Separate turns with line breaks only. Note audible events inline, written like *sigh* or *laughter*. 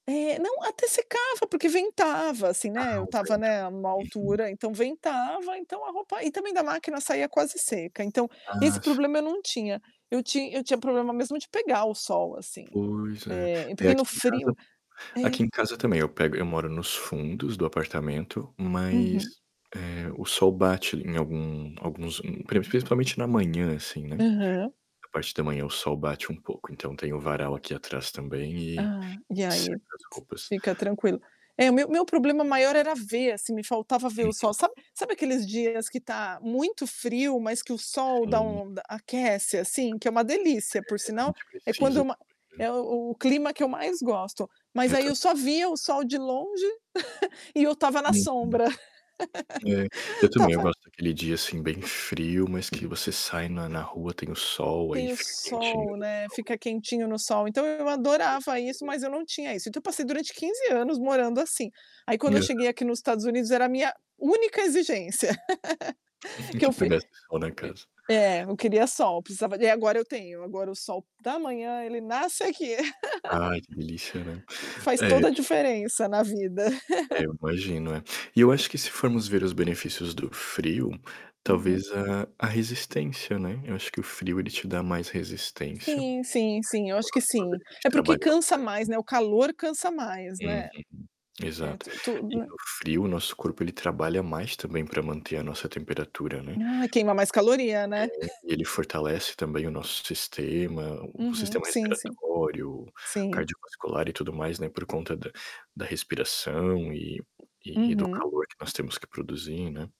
É. Não, até secava porque ventava, assim, né.
Ah,
Eu
o
estava,
vento, né.
né, numa
É sim.
altura, então ventava, então a roupa e também da máquina saía quase seca então,
Ah
esse
f
problema eu não tinha. Eu tinha eu tinha problema mesmo de pegar o sol assim.
Pois é.
É, e
É,
porque no
aqui em casa
frio É.
aqui em casa também, eu pego eu moro nos fundos do apartamento, mas,
Uhum.
eh, o sol bate em algum alguns prin principalmente na manhã, assim, né.
Aham.
A parte da manhã o sol bate um pouco, então tem o varal aqui atrás também e
Ah, e
e seca
aí,
as roupas.
fica tranquilo. É o meu o meu problema maior era ver assim, me faltava ver o sol.
Uhum.
Sabe sabe aqueles dias que tá muito frio, mas que o sol dá
Sim.
um da aquece assim, que é uma delícia por
É, a
sinal.
gente
É
precisa
quando ma
também.
é
Hã.
o clima que eu mais gosto. Mas
Eu
aí eu
também.
só via o sol de longe *chuckles* e eu estava na
uhum.
sombra.
É, eu
*laughs*
também, eu
Estava
gosto daquele dia assim bem frio, mas que você sai na na rua tem o sol, aí
Tem o
fica quentinho
sol,
do
né,
sol,
fica
né.
quentinho no sol. Então eu adorava isso,
Respiro.
mas eu não tinha isso. Então, eu passei durante 15 anos morando assim. Aí quando
E
eu
a
cheguei aqui nos Estados Unidos era a minha única exigência. *laughs*
Uhum.
Que eu
Que
fui
pegasse sol na casa.
e É, eu queria sol, precisava de e agora eu tenho, agora o sol da manhã ele nasce aqui.
Ai, que delícia, né.
*laughs* Faz
É,
toda a
e
diferença na vida.
É
*chuckles*
eu imagino, é. E eu acho que se formos ver os benefícios do frio,
Uhum.
talvez a a resistência, né. Eu acho que o frio ele te dá mais resistência.
Sim, sim, sim, eu
O
acho que
nosso corpo,
sim.
ele tem que
É porque
trabalhar
cansa
mais,
mais,
né.
né, o calor cansa mais,
Uhum.
né. É
Exato.
tu tudo,
E
né?
no frio o nosso corpo, ele trabalha mais também para manter a nossa temperatura, né.
Ai, queima mais caloria,
É,
né. *chuckles*
ele fortalece também o nosso sistema, o
Uhum.
sistema
Sim, sim.
respiratório,
Sim.
cardiovascular e tudo mais, né, por conta da da respiração e e e do
Uhum.
calor que nós temos que produzir, né.